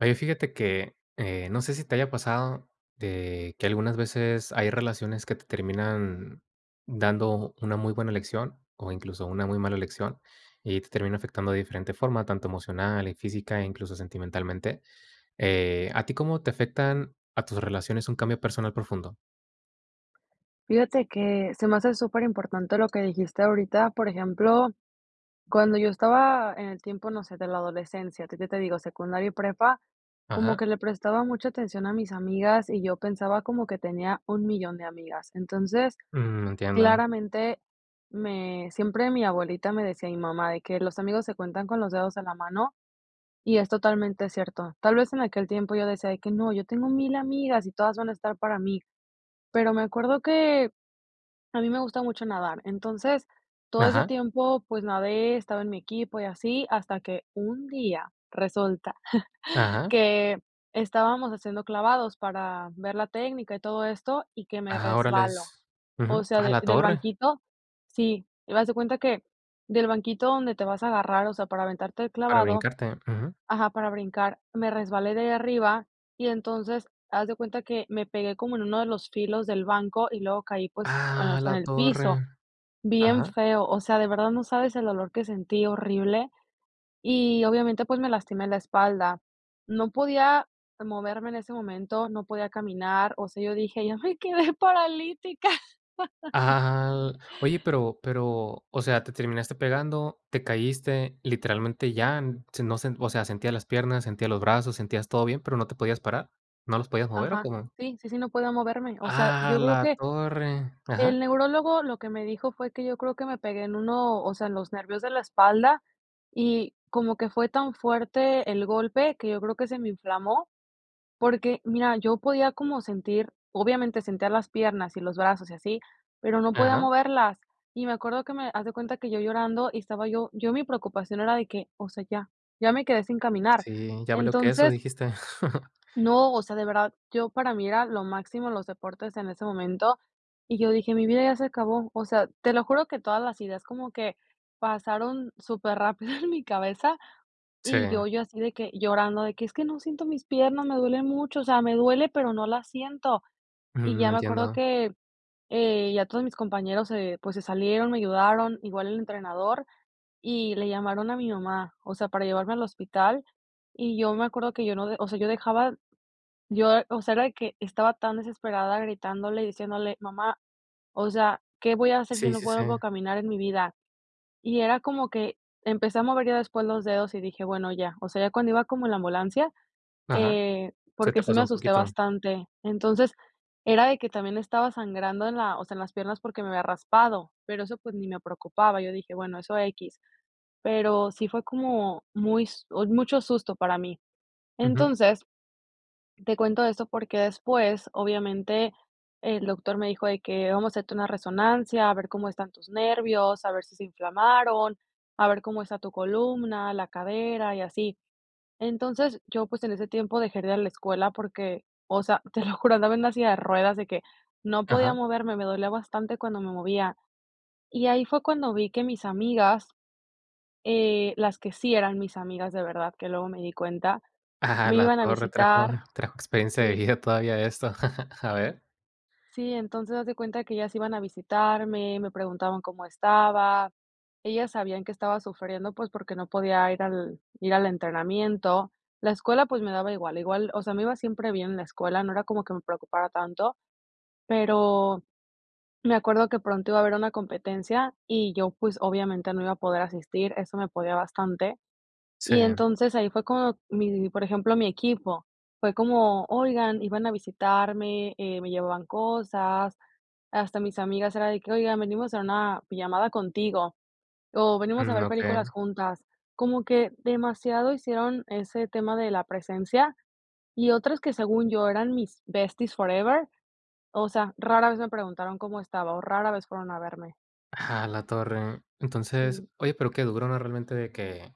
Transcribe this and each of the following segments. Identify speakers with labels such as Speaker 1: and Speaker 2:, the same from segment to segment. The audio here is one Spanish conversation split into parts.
Speaker 1: Oye, fíjate que, eh, no sé si te haya pasado, te que algunas veces hay relaciones que te terminan dando una muy buena lección o, incluso, una muy mala lección, y te termina afectando de diferente forma, tanto emocional, y física, e incluso sentimentalmente, eh, ¿a ti cómo te afectan a tus relaciones un cambio personal profundo?
Speaker 2: Fíjate que se me hace superimportante lo que dijiste ahorita, por ejemplo, cuando yo estaba en el tiempo, no sé, de la adolescencia, que que te digo, secundaria y prepa, como
Speaker 1: Ajá.
Speaker 2: que le prestaba mucha atención a mis amigas y yo pensaba como que tenía un 1000000, de amigas. Entonces,
Speaker 1: Mm, entiendo.
Speaker 2: claramente me siempre mi abuelita me decía mi mamá de que los amigos se cuentan con los dedos de la mano y es totalmente cierto. Tal vez, en aquel tiempo yo decía de que no, yo tengo mil amigas y todas van a estar para mí. Pero, me acuerdo que, a mí me gusta mucho nadar. Entonces todo ese
Speaker 1: Ajá.
Speaker 2: tiempo, pues, nade, estaba en mi equipo y así hasta que un día resulta
Speaker 1: Ajá.
Speaker 2: que estábamos haciendo clavados para ver la técnica y todo esto, y que me
Speaker 1: Ah,
Speaker 2: resbalo.
Speaker 1: órales, ujú,
Speaker 2: O sea,
Speaker 1: a
Speaker 2: de
Speaker 1: la
Speaker 2: del
Speaker 1: torre.
Speaker 2: banquit sí, y haz de cuenta que del banquito donde te vas a agarrar, o sea, para aventarte el
Speaker 1: Para
Speaker 2: clavado,
Speaker 1: brincarte, ujú.
Speaker 2: ajá, para brincar, me resbalé de allá arriba y entonces haz de cuenta que me pegué como en uno de los filos del banco y luego caí, pues, en, o
Speaker 1: A
Speaker 2: sea, en
Speaker 1: la
Speaker 2: el
Speaker 1: torre,
Speaker 2: piso, bien
Speaker 1: ajá.
Speaker 2: feo. O sea, de verdad no sabes el dolor que sentí horrible. Y, obviamente, pues, me lastimé la espalda. No podía moverme en ese momento, no podía caminar, o sea, yo dije: "Ya me quedé paralítica".
Speaker 1: Ajá aja al oye pero pero, o sea, ¿te terminaste pegando, te caíste, literalmente ya, se nos, o sea, sentías las piernas, sentías los brazos, sentías todo bien, pero, no te podías parar, no los podías mover? ¿O
Speaker 2: Ajá.
Speaker 1: cómo?
Speaker 2: Sí, sí, sí, no podía moverme. O sea,
Speaker 1: A
Speaker 2: yo creo
Speaker 1: la
Speaker 2: que,
Speaker 1: torre, ajá.
Speaker 2: el neurólogo lo que me dijo fue que yo creo que me pegué en uno, o sea, en los nervios de la espalda y como que fue tan fuerte el golpe, que yo creo que se me inflamó, porque mira, yo podía como sentir, obviamente, sentía las piernas y los brazos y así, pero, no podía
Speaker 1: Ajá.
Speaker 2: moverlas. Y me acuerdo que me haz de cuenta que yo llorando y estaba yo yo mi preocupación era de que, o sea, ya ya me quedé sin caminar.
Speaker 1: Sí, valió queso
Speaker 2: Entonces
Speaker 1: dijiste.
Speaker 2: no, o sea, de verdad, yo, para mí era lo máximo los deportes en ese momento, y yo dije: "Mi vida ya se acabó". O sea, te lo juro que todas las ideas como que pasaron súper rápido en mi cabeza y
Speaker 1: Sí.
Speaker 2: yo yo así de que llorando de que es que no siento mis piernas, me duele mucho, o sea, me duele, pero, no la siento. Y
Speaker 1: Ujú,
Speaker 2: ya me acuerdo
Speaker 1: entiendo.
Speaker 2: que, eh, ya todos mis compañeros, eh, pues se salieron, me ayudaron igual el entrenador y le llamaron a mi mamá, o sea, para llevarme al hospital. Y yo me acuerdo que yo no, o sea, yo dejaba yo, o sea, era de que estaba tan desesperada gritándole y diciéndole: "Mamá, o sea, ¿qué voy a hacer si
Speaker 1: Sí,
Speaker 2: no
Speaker 1: sí, sí.
Speaker 2: vuelvo a caminar en mi vida?" Y era como que empecé a mover ya después los dedos y dije bueno ya, o sea, ya cuando iba como la ambulancia,
Speaker 1: Ajá,
Speaker 2: eh,
Speaker 1: se
Speaker 2: porque
Speaker 1: te
Speaker 2: sí
Speaker 1: pasó
Speaker 2: me
Speaker 1: un
Speaker 2: asusté
Speaker 1: poquito.
Speaker 2: bastante. Entonces era de que, también estaba sangrando en la, o sea, en las piernas porque, me había raspado, pero eso, pues, ni me preocupaba. Yo dije, bueno, eso equis, pero sí fue como muy s mucho susto para mí.
Speaker 1: Ujú.
Speaker 2: Entonces, te cuento esto porque después, obviamente, el doctor me dijo de que vamos a hacerte una resonancia, a ver cómo están tus nervios, a ver si se inflamaron, a ver cómo está tu columna, la cadera y así. Entonces, yo, pues, en ese tiempo dejé de ir a la escuela porque, o sea, te lo juro, andaba así de ruedas de que no podía
Speaker 1: Ajá.
Speaker 2: moverme, me dolía bastante cuando me movía. Y ahí fue cuando vi que mis amigas, eh, las que sí eran mis amigas de verdad, que luego me di cuenta,
Speaker 1: Ah,
Speaker 2: me
Speaker 1: la
Speaker 2: iban a
Speaker 1: torre trajo
Speaker 2: visitar
Speaker 1: trajo experiencia de vida todavía esto. A ver.
Speaker 2: sí, entonces, haz de cuenta que ellas iban a visitarme, me preguntaban cómo estaba. Ellas sabían que estaba sufriendo, pues, porque no podía ir al ir al entrenamiento. La escuela, pues, me daba igual igual, o sea, me iba siempre bien en la escuela, no era como que me preocupara tanto, pero, me acuerdo que pronto iba a haber una competencia y yo, pues, obviamente, no iba a poder asistir, eso me podía bastante.
Speaker 1: Sí.
Speaker 2: Y entonces, ahí fue como mi por ejemplo, mi equipo. Fue como, oigan, iban a visitarme, eh, me llevaban cosas. Hasta mis amigas era de que, oigan, venimos a una pijamada contigo, o venimos a
Speaker 1: Mm,
Speaker 2: ver películas
Speaker 1: okey.
Speaker 2: juntas. Como que demasiado hicieron ese tema de la presencia y otras que según yo eran mis besties forever, o sea, rara vez me preguntaron cómo estaba o rara vez fueron a verme.
Speaker 1: A la torre. Entonces,
Speaker 2: Sí.
Speaker 1: oye, pero, qué duro, ¿no? Realmente de que,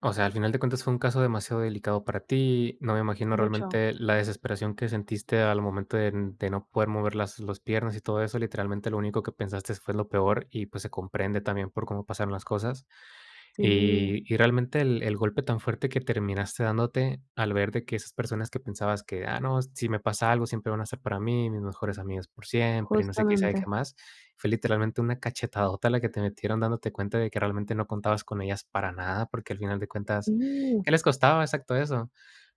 Speaker 1: o sea, al final de cuentas fue un caso demasiado delicado para ti, no me imagino
Speaker 2: Mucho.
Speaker 1: realmente la desesperación que sentiste al momento de n de no poder mover las los piernas y todo eso, literalmente, lo único que pensastes fue lo peor y, pues, se comprende también por cómo pasaron las cosas.
Speaker 2: Sí.
Speaker 1: Y y, realmente, el el golpe tan fuerte que terminaste dándote al ver de que esas personas que pensabas que: "Ah, no, si me pasa algo, siempre van a ser para mí, mis mejores amigas por siempre", y no sé qué y sabe qué
Speaker 2: Justamente.
Speaker 1: más. Fue literalmente una cachetadota la que te metieron, dándote cuenta de que realmente no contabas con ellas para nada, porque al final de cuentas,
Speaker 2: Sí.
Speaker 1: ¿qué les costaba exacto eso?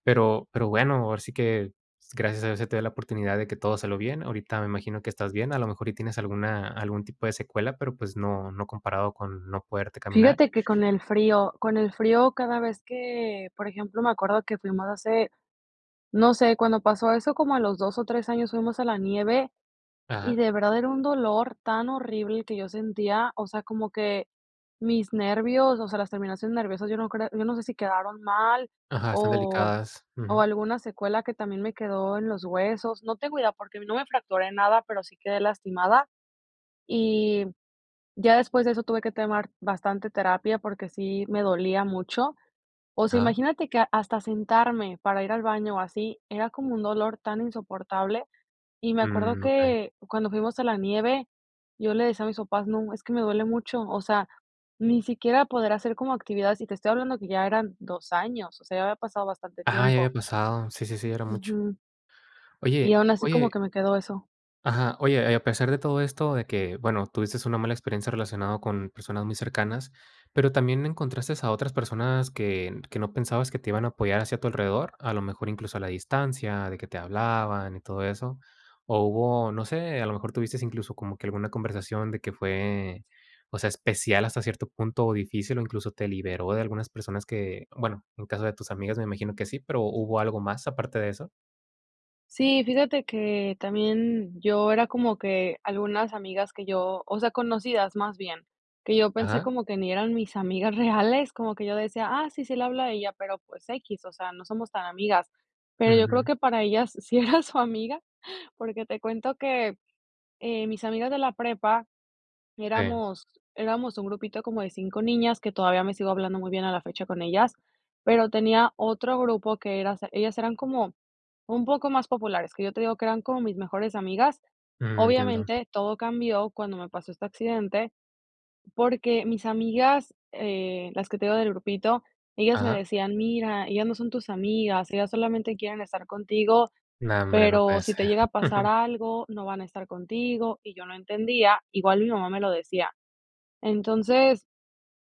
Speaker 1: Pero, pero bueno, ahora sí que gracias a Dios se te dio la oportunidad de que todo salió bien. Ahorita me imagino que estás bien, a lo mejor y tienes alguna algún tipo de secuela, pero pues no no comparado con no poderte caminar.
Speaker 2: Fíjate que con el frío con el frío cada vez que, por ejemplo, me acuerdo que fuimos hace, no sé, cuando pasó eso como a los 2 o 3 años fuimos a la nieve
Speaker 1: Ajá.
Speaker 2: y de verdad era un dolor tan horrible el que yo sentía, o sea, como que mis nervios, o sea, las terminaciones nerviosas, yo no creo yo no sé si quedaron mal
Speaker 1: Ajá, están
Speaker 2: o
Speaker 1: delicadas,
Speaker 2: o
Speaker 1: ujú.
Speaker 2: alguna secuela que también me quedó en los huesos. No te cuida porque, no me fracturé nada, pero sí quedé lastimada y ya después de eso tuve que tomar bastante terapia porque, sí me dolía mucho. O sea,
Speaker 1: Ajá.
Speaker 2: imagínate que hasta sentarme para ir al baño o así era como un dolor tan insoportable. Y me acuerdo
Speaker 1: Mm, okey.
Speaker 2: que cuando fuimos a la nieve yo le decía a mis papás, no, es que me duele mucho, o sea, ni siquiera poder hacer como actividades y te estoy hablando que ya eran 2, años, o sea, ya había pasado bastante
Speaker 1: Ajá, ya
Speaker 2: tiempo.
Speaker 1: había pasado, sí, sí, sí, era mucho.
Speaker 2: Ujú. Y
Speaker 1: Oye
Speaker 2: aún así como
Speaker 1: oye
Speaker 2: que me quedó eso.
Speaker 1: ajá, oye, y a pesar de todo esto de que, bueno, tuviste una mala experiencia relacionado con personas muy cercanas, pero, también encontraste a otras personas que que no pensabas que te iban a apoyar hacia tu alrededor, a lo mejor incluso a la distancia de que te hablaban y todo eso. O hubo, no sé, a lo mejor tuvistes incluso como que alguna conversación de que fue, o sea, especial hasta cierto punto o difícil, o incluso te liberó de algunas personas que, bueno, en caso de tus amigas, me imagino que sí, ¿pero, hubo algo más aparte de eso?
Speaker 2: Sí, fíjate que también yo era como que algunas amigas que yo, o sea, conocidas más bien, que yo pensé
Speaker 1: Ajá.
Speaker 2: como que ni eran mis amigas reales, como que yo decía: "Ah, sí, sí le habla a ella", pero, pues, equis, o sea, no somos tan amigas, pero yo creo
Speaker 1: Ujú.
Speaker 2: que para ellas sí era su amiga, porque te cuento que, eh, mis amigas de la prepa
Speaker 1: Sí.
Speaker 2: éramos éramos un grupito como de 5 niñas, que todavía me sigo hablando muy bien a la fecha con ellas, pero tenía otro grupo que eras ellas eran como un poco más populares, que yo te digo que eran como mis mejores amigas,
Speaker 1: Mm, entiendo.
Speaker 2: obviamente todo cambió cuando me pasó este accidente, porque mis amigas, eh, las que te digo del grupito, ellas me
Speaker 1: Ajá.
Speaker 2: decían mira ellas no son tus amigas, ellas solamente quieren estar contigo,
Speaker 1: No hombre, no puede
Speaker 2: pero si te
Speaker 1: ser.
Speaker 2: llega a pasar algo, no van a estar contigo y yo no entendía, igual mi mamá me lo decía, entonces,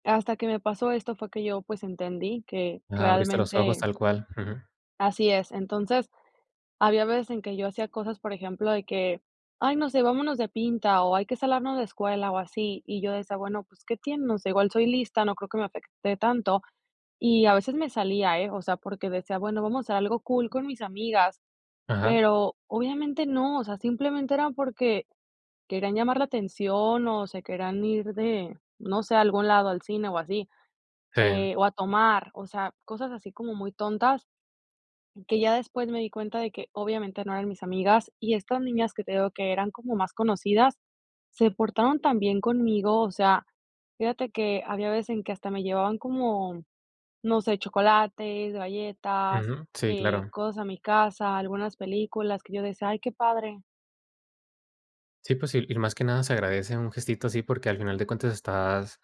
Speaker 2: hasta que me pasó esto fue que yo, pues, entendí que
Speaker 1: Ah, abriste los ojos
Speaker 2: realmente
Speaker 1: tal cual, ujú.
Speaker 2: así es, entonces, había veces en que yo hacía cosas, por ejemplo, de que, ay, no sé, vámonos de pinta o hay que salarnos la escuela o así, y yo decía, bueno, pues, qué tienen, o sea igual soy lista, no creo que me afecte tanto, y a veces me salía, eh, o sea, porque decía, bueno, vamos a hacer algo cool con mis amigas,
Speaker 1: Ajá.
Speaker 2: pero obviamente no, o sea, simplemente era porque querían llamar la atención o se querían ir de, no sé, a algún lado al cine o así,
Speaker 1: Sí.
Speaker 2: eh, o a tomar, o sea, cosas así como muy tontas, que ya después me di cuenta de que obviamente no eran mis amigas y estas niñas que te digo que eran como más conocidas, se portaron tan bien conmigo, o sea, fíjate que había veces en que hasta me llevaban como, no sé chocolates, galletas,
Speaker 1: Ujú, sí
Speaker 2: eh,
Speaker 1: claro.
Speaker 2: cosas a mi casa algunas películas que yo decía: "Ay qué padre".
Speaker 1: Sí, pues, sí, y más que nada se agradece un gestito así, porque, al final de cuentas estás,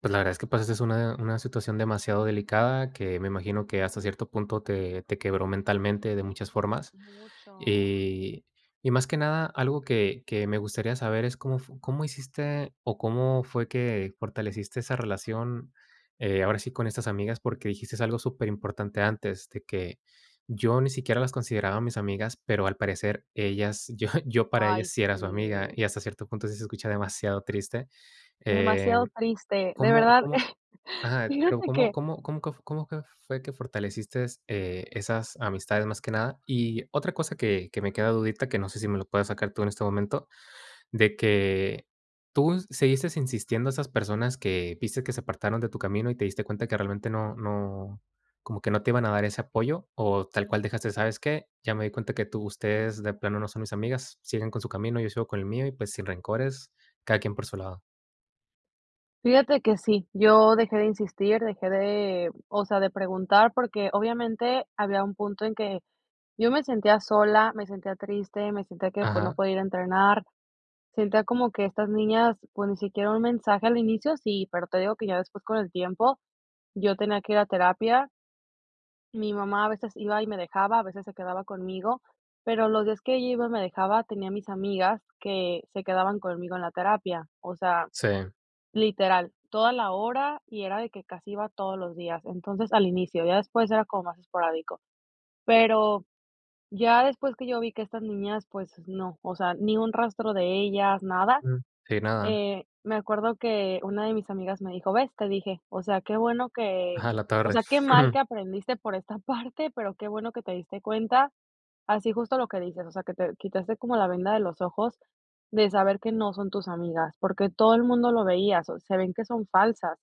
Speaker 1: pues, la verdad es que pasaste una una situación demasiado delicada, que me imagino que hasta cierto punto te te quebró mentalmente de muchas formas.
Speaker 2: Mucho, sí.
Speaker 1: Y y, más que nada, algo que que me gustaría saber es, ¿cómo fu cómo hiciste, o cómo fue que fortaleciste esa relación, eh, ahora sí, con estas amigas? Porque, dijiste algo súper importante antes, de que yo ni siquiera las consideraba a mis amigas, pero, al parecer ellas yo yo para
Speaker 2: Ay,
Speaker 1: ellas sí era su amiga
Speaker 2: sí.
Speaker 1: y hasta cierto punto, sí se escucha demasiado triste. Eh,
Speaker 2: Demasiado triste, de
Speaker 1: ¿cómo
Speaker 2: verdad,
Speaker 1: cómo? Ajá, pero,
Speaker 2: fíjate
Speaker 1: ¿cómo
Speaker 2: que
Speaker 1: cómo cómo quef cómo que fue fortaleciste, eh, esas amistades, más que nada? Y otra cosa que que me queda dudita, que no sé si me lo puedas sacar tú en este momento, de que, ¿tú seguiste insistiendo a esas personas que viste que se apartaron de tu camino y te diste cuenta que realmente no no como que no te iban a dar ese apoyo, o tal cual dejaste? ¿Sabes qué? ya me di cuenta que tú ustedes de plano no son mis amigas, siguen con su camino, yo sigo con el mío y, pues, sin rencores, cada quien por su lado.
Speaker 2: Fíjate que sí, yo dejé de insistir, dejé de, o sea, de preguntar, porque obviamente, había un punto en que yo me sentía sola, me sentía triste, me sentía que, pues, no
Speaker 1: Ajá.
Speaker 2: podía ir a entrenar. Sentía como que estas niñas, pues, ni siquiera un mensaje al inicio, sí, pero, te digo que ya después con el tiempo, yo tenía que ir a terapia. Mi mamá a veces iba y me dejaba, a veces se quedaba conmigo, pero los días que ella iba y me dejaba, tenía a mis amigas que se quedaban conmigo en la terapia, o sea,
Speaker 1: Sí.
Speaker 2: literal, toda la hora y era de que casi iba todos los días, entonces al inicio, ya después era como más esporádico. Pero, ya después que yo vi que estas niñas, pues no, o sea, ni un rastro de ellas, nada.
Speaker 1: Uh. Sí, nada.
Speaker 2: Eh, me acuerdo que una de mis amigas me dijo: "¿Ves? Te dije", o sea, qué bueno que,
Speaker 1: A la
Speaker 2: o
Speaker 1: torre.
Speaker 2: sea, qué mal que aprendiste por esta parte, pero, qué bueno que te diste cuenta, así justo lo que dices, o sea, que te quitaste como la venda de los ojos de saber que no son tus amigas, porque, todo el mundo lo veía, se ven que son falsas.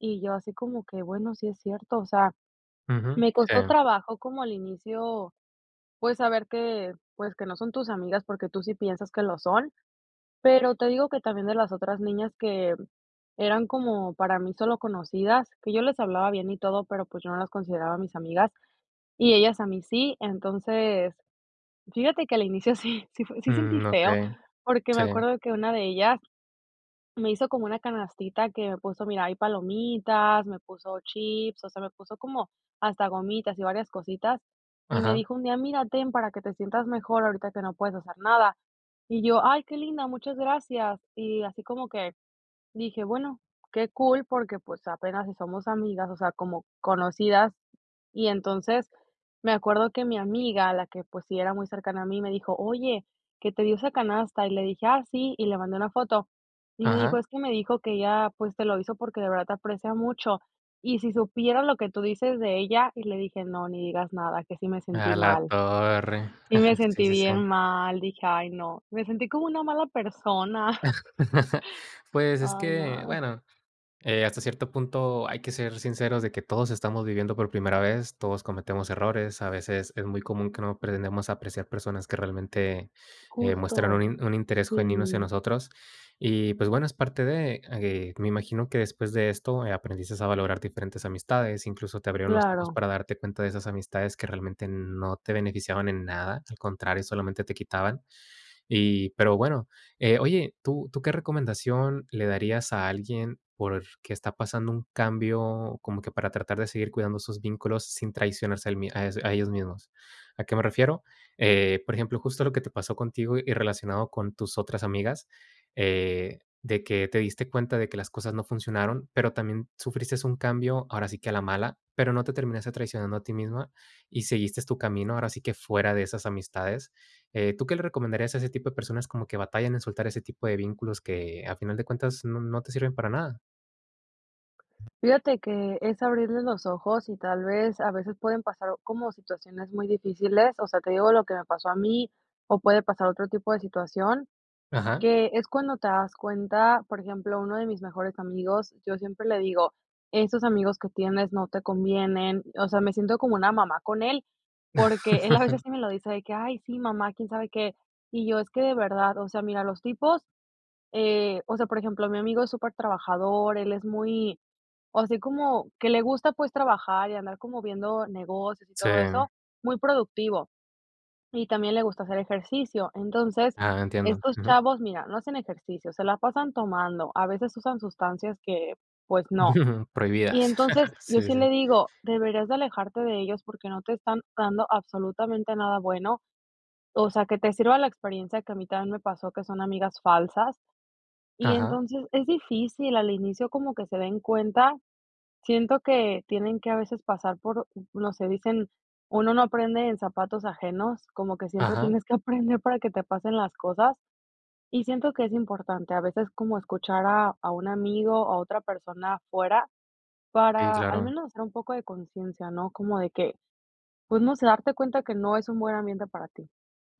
Speaker 2: Y yo así como que, bueno, sí es cierto, o sea,
Speaker 1: Ujú,
Speaker 2: me costó
Speaker 1: sí.
Speaker 2: trabajo como al inicio, pues, saber que, pues, que no son tus amigas porque, tú sí piensas que lo son, pero, te digo que también de las otras niñas que eran como para mí solo conocidas, que yo les hablaba bien y todo, pero, pues, yo no las consideraba mis amigas y ellas a mí sí. Entonces, fíjate que al inicio sí, sí, sí sentí
Speaker 1: Mm,
Speaker 2: feo,
Speaker 1: okey,
Speaker 2: porque, me
Speaker 1: sí.
Speaker 2: acuerdo que una de ellas me hizo como una canastita que me puso, mira, hay palomitas, me puso chips, o sea, me puso, como hasta gomitas y varias cositas, y me
Speaker 1: Ajá.
Speaker 2: dijo un día: "Mira, ten para que te sientas mejor, ahorita que no puedes hacer nada". Y yo, "Ay, qué linda, muchas gracias". Y así como que dije, bueno, qué cool, porque, pues, apenas si somos amigas, o sea, como conocidas, y entonces, me acuerdo que mi amiga, la que, pues, sí era muy cercana a mí, me dijo: "Oye, que te dio esa canasta", y le dije: "Ah, sí", y le mandé una foto. Y me dijo,
Speaker 1: Ajá.
Speaker 2: es que me dijo que ella, pues, te lo hizo porque, de verdad te aprecia mucho, y si supieras lo que tú dices de ella, y le dije: "No, ni digas nada, que sí me sentí
Speaker 1: A la
Speaker 2: mal".
Speaker 1: torre.
Speaker 2: Y me
Speaker 1: Ajá, sí,
Speaker 2: sentí
Speaker 1: sí, sí.
Speaker 2: bien mal, dije: "Ay no, me sentí como una mala persona".
Speaker 1: Pues, es
Speaker 2: Ay,
Speaker 1: que,
Speaker 2: no.
Speaker 1: bueno, eh, hasta cierto punto hay que ser sinceros de que todos estamos viviendo por primera vez, todos cometemos errores. A veces es muy común que no pretendemos apreciar personas que realmente, eh, muestran
Speaker 2: Justo,
Speaker 1: un un interés genuino hacia
Speaker 2: sí.
Speaker 1: nosotros. Y, pues, bueno, es parte de, eh, me imagino que después de esto aprendistes a valorar diferentes amistades, incluso te abrieron los ojos
Speaker 2: Claro.
Speaker 1: para darte cuenta de esas amistades que realmente n no te beneficiaban en nada, al contrario, solamente te quitaban. Y, pero bueno, eh, oye, ¿tú tú qué recomendación le darías a alguien porque, está pasando un cambio como que para tratar de seguir cuidando sus vínculos sin traicionarse a él mi ah, e ellos mismos? ¿A qué me refiero? Eh, por ejemplo, justo lo que te pasó contigo y relacionado con tus otras amigas, eh, de que te diste cuenta de que las cosas no funcionaron, pero, también sufristes un cambio, ahora sí que a la mala, pero, no te terminaste traicionando a ti misma y seguiste tu camino, ahora sí que fuera de esas amistades. Eh, ¿tú qué le recomendarías a ese tipo de personas como que batallan en soltar ese tipo de vínculos que, a final de cuentas, no no te sirven para nada?
Speaker 2: Fíjate que, es abrirles los ojos y tal vez, a veces pueden pasar como situaciones muy difíciles, o sea, te digo lo que me pasó a mí, o puede pasar otro tipo de situación,
Speaker 1: Ajá.
Speaker 2: que es cuando te das cuenta, por ejemplo, uno de mis mejores amigos, yo siempre le digo: "Esos amigos que tienes no te convienen", o sea, me siento como una mamá con él, porque él a veces sí me lo dice de que: "Ay, sí, mamá", quién sabe qué, y yo, es que de verdad, o sea, mira, los tipos, eh, o sea, por ejemplo, mi amigo es supertrabajador, él es muy o sea, así como que le gusta, pues, trabajar y andar como viendo negocios y todo
Speaker 1: Sí.
Speaker 2: eso, muy productivo. Y también le gusta hacer ejercicio. Entonces,
Speaker 1: Ajá, entiendo,
Speaker 2: estos
Speaker 1: ujú.
Speaker 2: chavos, mira, no hacen ejercicio, se la pasan tomando, a veces usan sustancias que pues, no. Y
Speaker 1: Prohibidas.
Speaker 2: entonces, yo
Speaker 1: Sí,
Speaker 2: sí
Speaker 1: sí.
Speaker 2: le digo: "Deberías de alejarte de ellos porque no te están dando absolutamente nada bueno, o sea, que te sirva la experiencia que a mí también me pasó, que son amigas falsas". Y
Speaker 1: Ajá.
Speaker 2: entonces, es difícil, al inicio como que se den cuenta, siento que tienen que a veces pasar por, no sé, dicen: "Uno no aprende en zapatos ajenos", como que siempre
Speaker 1: Ajá.
Speaker 2: tienes que aprender para que te pasen las cosas, y siento que es importante, a veces como escuchar a a un amigo, o a otra persona afuera,
Speaker 1: Sí,
Speaker 2: para al
Speaker 1: claro.
Speaker 2: menos, hacer un poco de conciencia, ¿no?, como de que, pues, no se, darte cuenta que no es un buen ambiente para ti.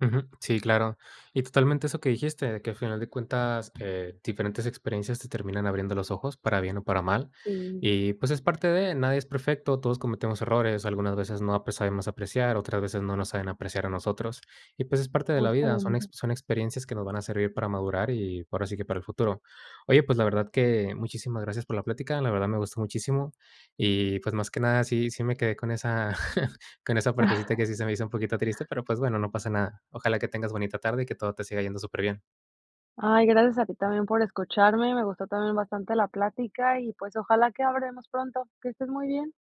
Speaker 1: Ujú. Sí, claro. Y totalmente eso que dijiste, de que, a final de cuentas, eh, diferentes experiencias te terminan abriendo los ojos, para bien o para mal,
Speaker 2: Sí.
Speaker 1: y, pues, es parte de, nadie es perfecto, todos cometemos errores, algunas veces no, pues, sabemos apreciar, otras veces no nos saben apreciar a nosotros y, pues, es parte de la vida, son ex
Speaker 2: Justamente.
Speaker 1: son experiencias que nos van a servir para madurar y, ahora sí que para el futuro. Oye, pues, la verdad que muchísimas gracias por la plática. La verdad, me gustó muchísimo. Y, pues, más que nada, sí sí me quedé con esa con esa partecita que sí se me hizo un poquito triste, pero, pues, bueno, no pasa nada. Ojalá que tengas bonita tarde y que todo te siga yendo superbién.
Speaker 2: Ay, gracias a ti también por escucharme, me gustó también bastante la plática, y pues, ojalá que habremos pronto. Que estés muy bien.